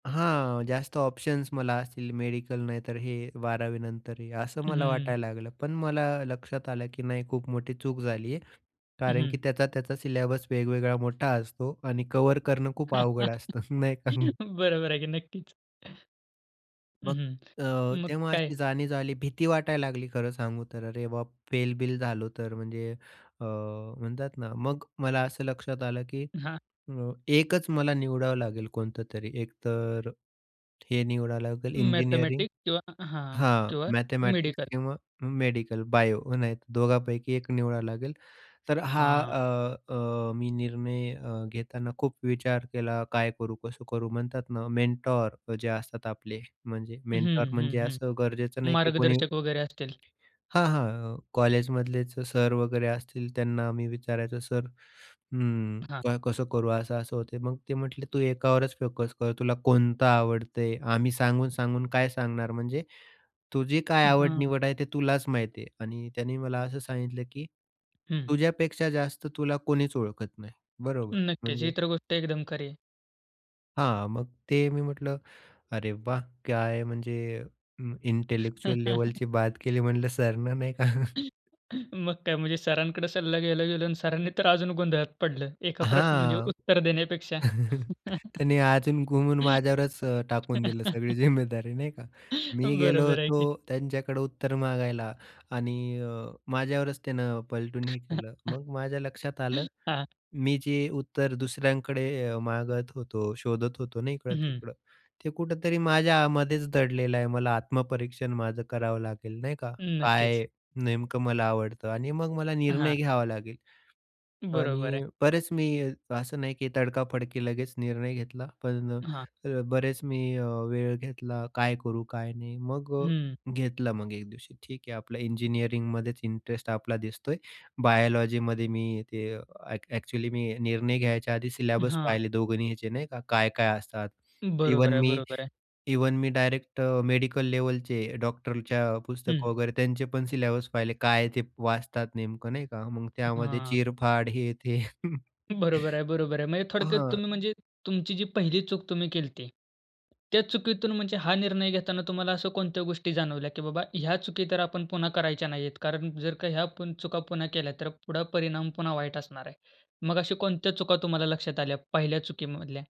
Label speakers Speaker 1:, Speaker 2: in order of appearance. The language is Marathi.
Speaker 1: हां, जास्त ऑप्शन्स मला असतील. मेडिकल नाही तर हे 12वीनंतर हे असं मला
Speaker 2: हम्म.
Speaker 1: वाटायला लागलं. पण मला लक्षात आलं की "नाही खूप मोठी चूक झाली आहे." कारण की
Speaker 2: हं.
Speaker 1: त्याचा, त्याचा सिलेबस वेगवेगळा मोठा असतो आणि कव्हर करणं खूप अवघड असतं. नाही का?
Speaker 2: बरोबर आहे की नक्कीच. हं,
Speaker 1: मग
Speaker 2: हं.
Speaker 1: अ,
Speaker 2: मग
Speaker 1: तेव्हा
Speaker 2: काय?
Speaker 1: अशी जाणीव झाली. भीती वाटायला लागली खरं सांगू तर "अरे बाप! फेलबिल झालो तर" म्हणजे अ, म्हणतात ना मग मला असं लक्षात आलं की
Speaker 2: हां.
Speaker 1: अ, एकच मला निवडावं लागेल कोणतं तरी एक तर हे निवडावं लागेल इंजिनिअरिंग
Speaker 2: मॅथेमॅटिक्स किंवा हां.
Speaker 1: हां.
Speaker 2: किंवा
Speaker 1: मॅथेमॅटिक्स
Speaker 2: मेडिकल.
Speaker 1: किंवा मेडिकल बायो. नाही दोघांपैकी एक निवडाव लागेल. तर हा,
Speaker 2: हां.
Speaker 1: अ, अ, मी निर्णय अ, घेताना खूप विचार केला काय करू, कसं करू? म्हणतात ना मेंटॉर जे असतात आपले, म्हणजे
Speaker 2: हं,
Speaker 1: मेंटॉर
Speaker 2: हं,
Speaker 1: म्हणजे
Speaker 2: हं.
Speaker 1: असं गरजेचं नाही की कोणी
Speaker 2: मार्गदर्शक वगैरे असतील.
Speaker 1: ...हां, हां. अ, कॉलेजमधलेच सर वगैरे असतील त्यांना मी विचारायचो "सर, अ,
Speaker 2: हां.
Speaker 1: काय कसं करू? असं-असं होत." मग ते म्हटले "तू एकावरच फोकस कर. तुला कोणता आवडतंय, आम्ही सांगून-सांगून काय सांगणार? म्हणजे तुझी काय
Speaker 2: हां.
Speaker 1: आवड-निवड आहे ते तुलाच माहिती आहे." आणि त्याने मला असं सांगितलं की
Speaker 2: हं.
Speaker 1: "तुझ्यापेक्षा जास्त तुला कोणीच ओळखत नाही." बरोबर?
Speaker 2: नक्कीच. ही
Speaker 1: म्हणजे
Speaker 2: तर गोष्ट एकदम खरी आहे.
Speaker 1: हां, मग ते मी म्हटलं "अरे वाह! काय म्हणजे अ, इंटेलेक्चुअल लेव्हलची बात केली म्हटलं सरनं नाही का?"
Speaker 2: मग काय म्हणजे सरांकडे सल्ला घ्यायला गेलो आणि सरांनी तर अजून गोंधळात पडलं. एका प्रश्न म्हणजे
Speaker 1: हां.
Speaker 2: उत्तर देण्यापेक्षा,
Speaker 1: त्यांनी अजून घुमून माझ्यावरच अ, टाकून दिलं सगळी जिम्मेदारी, नाही का? मी गेलो
Speaker 2: बरोबर आहे
Speaker 1: होतो
Speaker 2: की.
Speaker 1: त्यांच्याकडे उत्तर मागायला आणि अ, माझ्यावरच त्यानं पलटून हे केलं. मग माझ्या लक्षात आलं,
Speaker 2: हां.
Speaker 1: मी जे उत्तर दुसऱ्यांकडे अ, मागत होतो, शोधत होतो ना
Speaker 2: हं, हं.
Speaker 1: इकडं-तिकडं. ते कुठेतरी माझ्यामध्येच दडलेलं आहे. मला आत्मपरीक्षण माझं करावं लागेल. नाही का?
Speaker 2: नक्कीच.
Speaker 1: काय नेमकं मला आवडतं आणि मग मला निर्णय
Speaker 2: हां.
Speaker 1: घ्यावा लागेल
Speaker 2: बरोबर आहे.
Speaker 1: आणि बरेच मी असं नाही की तडकाफडकी लगेच निर्णय घेतला. पण
Speaker 2: हां.
Speaker 1: अ, बरेच मी अ, वेळ घेतला काय करू काय नाही. मग अ,
Speaker 2: हं.
Speaker 1: घेतला मग एक दिवशी, ठीक आहे. आपलं इंजिनिअरिंगमध्येच इंटरेस्ट आपला दिसतोय. बायोलॉजीमध्ये मी ते अ, अ‍ॅक्चुअली मी निर्णय घ्यायच्या आधी सिलेबस
Speaker 2: हां.
Speaker 1: पाहिले दोघांचे नाही का? काय-काय असतात. इव्हन
Speaker 2: बरोबर आहे.
Speaker 1: मी
Speaker 2: बरोबर आहे.
Speaker 1: इव्हन मी डायरेक्ट अ, मेडिकल लेव्हलचे डॉक्टरच्या पुस्तक
Speaker 2: हं.
Speaker 1: वगैरे त्यांचे पण सिलेबस पाहिले. काय ते वाचतात नेमकं नाही का? मग त्यामध्ये
Speaker 2: हां.
Speaker 1: चिरफाड हे ते.
Speaker 2: बरोबर आहे. बरोबर आहे. म्हणजे थोडक्यात
Speaker 1: हां.
Speaker 2: तुम्ही म्हणजे तुमची जी पहिली चूक तुम्ही केली होती. त्या चुकीतून म्हणजे हा निर्णय घेताना तुम्हाला अशा कोणत्या गोष्टी जाणवल्या, की बाबा ह्या चुकी तर आपण पुन्हा करायच्या नाहीयेत, कारण जर का ह्या चुका पुन्हा केल्या. तर पुढे परिणाम पुन्हा वाईट असणार आहे. मग अशा कोणत्या चुका तुम्हाला लक्षात आल्या पहिल्या चुकीमधल्या?